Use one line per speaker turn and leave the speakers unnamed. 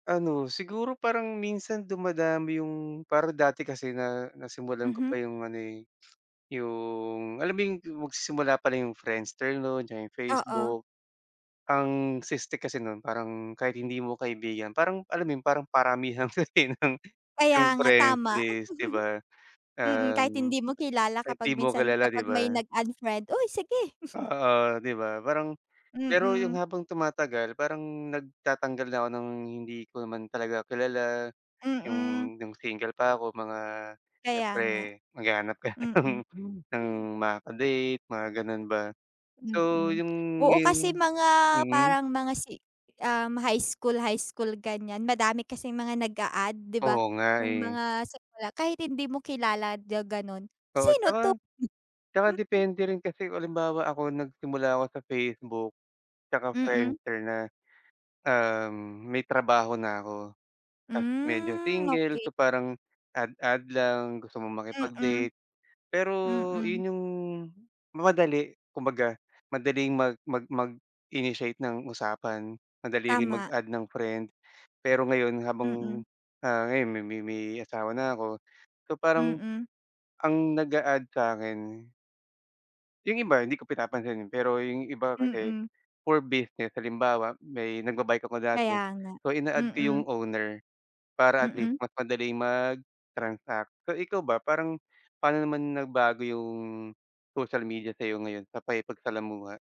Ano, siguro parang minsan dumadami yung para dati kasi na, nasimulan ko pa
Mhm.
yung ano, eh, yung alam mo yung dim magsisimula pala yung Friendster no'n 'tsaka yung
Oo.
Facebook. Ang siste kasi no'n, parang kahit hindi mo kaibigan, parang alam mo yun, parang paramihan kasi ng
Kaya
yung
nga,
friend
tama.
list 'di ba?
Mm, kahit
Um,
hindi mo kilala
kahit
kapag
di mo
minsan,
kilala, 'di
kapag may
ba?
nag-add friend, "uy, sige!"
Oo, 'di ba? Parang pero yung
Mm.
habang tumatagal parang nagtatanggal na ako ng hindi ko naman talaga kilala. Yung,
Mm.
nung single pa ako mga
Kaya
siyempre,
nga,
maghahanap ka
mm. Hmm.
ng ng makaka-date, mga gano'n ba, so
Mm.
yung
Oo kasi,
yung,
mga
mm.
parang mga si um, high school high school ganyan, madami kasing mga nag-a-add 'di ba?
Oo nga,
Yung
eh.
mga simula, kahit hindi mo kilala, di ba gano'n,
Oo
"sino to?"
'tsaka, tsaka depende rin kasi kung halimbawa ako nagsimula ako sa Facebook, 'tsaka
Mm.
Friendster na. Um, may trabaho na ako, ta's medyo
Hmm,
single
okey.
so parang add-add lang, gusto mong
Mm.
makipag-date, pero
Mm.
yun yung madali, kumbaga madaling mag mag mag-initiate ng usapan. Madali rin
Tama.
mag-add ng friend, pero ngayon habang,
Mm.
ah, ngayon may may may asawa na ako so parang
Mm.
ang nag-a-add sa'kin yung iba hindi ko pinapansinin, pero yung iba kasi,
Mm.
for business, halimbawa, may nagba-bike ako dati,
Kaya nga,
so ina-add ko yung
mm.
owner, para at least
Mm?
mas madali mag-transact. So ikaw ba, parang pa'no naman nagbago yung social media sa'yo ngayon, sa pakikipagsalamuha?